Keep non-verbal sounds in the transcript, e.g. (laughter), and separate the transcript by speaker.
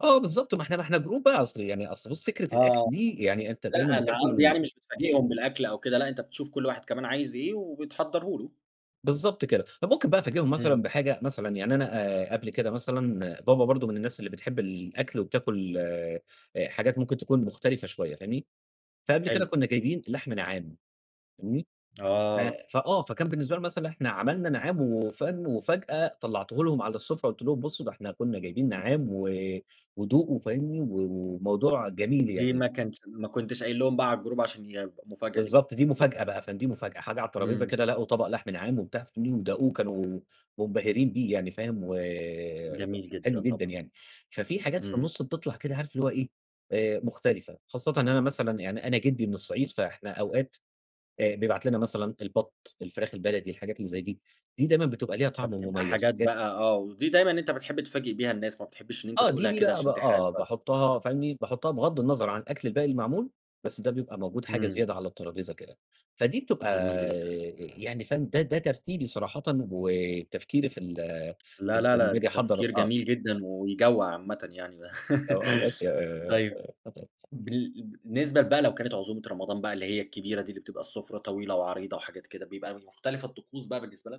Speaker 1: آه، بالضبط ما إحنا إحنا جروب بقى أصل يعني أصل بُصّ فكرة
Speaker 2: آه،
Speaker 1: الأكل
Speaker 2: آه،
Speaker 1: دي يعني أنت دايمًا
Speaker 2: لأ أنا
Speaker 1: بتاكل
Speaker 2: قصدي
Speaker 1: ال
Speaker 2: يعني مش بتفاجئهم بالأكل أو كده، لأ أنت بتشوف كل واحد كمان عايز إيه وبتحضّره له.
Speaker 1: بالضبط كده، فممكن بقى أفاجئهم
Speaker 2: إمم.
Speaker 1: مثلًا بحاجة مثلًا يعني أنا قبل كده مثلًا، بابا برضه من الناس اللي بتحب الأكل وبتاكل آآ، حاجات ممكن تكون مختلفة شوية فاهمني، فقبل كده
Speaker 2: حلو.
Speaker 1: كنا جايبين لحم نعّام فاهمني، ف
Speaker 2: آه.
Speaker 1: فآه فكان بالنسبة لهم مثلًا إحنا عملنا نعّام وفاهم، وفجأة طلعته لهم على السُفرة قلت لهم بُصّوا ده إحنا كنا جايبين نعّام و ودوقوا وفاهمني و وموضوع جميل
Speaker 2: دي
Speaker 1: يعني.
Speaker 2: ما كانش ما كنتش قايل لهم بقى على الجروب عشان يبقى مفاجأة ليهم.
Speaker 1: بالضبط، دي مفاجأة بقى ف دي مفاجأة حاجة على الترابيزة
Speaker 2: إمم.
Speaker 1: كده لقوا طبق لحم نعّام وبتاع (unintelligible) وداقوه وكانوا منبهرين بيه يعني فاهم، و
Speaker 2: جميل
Speaker 1: حلو
Speaker 2: جدًا،
Speaker 1: جدًا
Speaker 2: طبعًا.
Speaker 1: يعني، ففيه حاجات في
Speaker 2: إمم.
Speaker 1: النُصّ بتطلع كده عارف اللي هو إيه مختلفة خاصةً إن أنا مثلًا يعني أنا جدي من الصعيد، فإحنا أوقات آآ، بيبعت لنا مثلًا البط، الفراخ البلدي، الحاجات اللي زي دي، دي دايمًا بتبقى ليها طعم
Speaker 2: فبتبقى
Speaker 1: مميز
Speaker 2: حاجات
Speaker 1: بجد.
Speaker 2: بقى آه، ودي دايمًا أنت بتحب تفاجئ بيها الناس، ما بتحبش إن أنت
Speaker 1: آه، دي
Speaker 2: تقولها
Speaker 1: دي
Speaker 2: كده
Speaker 1: بقى ب
Speaker 2: عشان تحرق
Speaker 1: آه
Speaker 2: المفاجأة.
Speaker 1: باحُطّها فاهمني، باحُطّها بغض النظر عن الأكل الباقي المعمول، بس ده بيبقى موجود حاجة
Speaker 2: امم.
Speaker 1: زيادة على الترابيزة كده، فدي بتبقى
Speaker 2: جميل جدًا.
Speaker 1: يعني فاهم، ده ده ترتيبي صراحةً وتفكيري في ال
Speaker 2: لا،
Speaker 1: لم
Speaker 2: لا،
Speaker 1: لمّا
Speaker 2: لا
Speaker 1: باجي
Speaker 2: ده
Speaker 1: أحضّر،
Speaker 2: تفكير
Speaker 1: آه.
Speaker 2: جميل جدًا ويجوَّع عامةً يعني، (laughs) طيب
Speaker 1: (unintelligible)
Speaker 2: بال بالنسبة بقى لو كانت عزومة رمضان بقى اللي هي الكبيرة دي، اللي بتبقى السُفرة طويلة وعريضة وحاجات كده، بيبقى مختلفة الطقوس بقى بالنسبة لك؟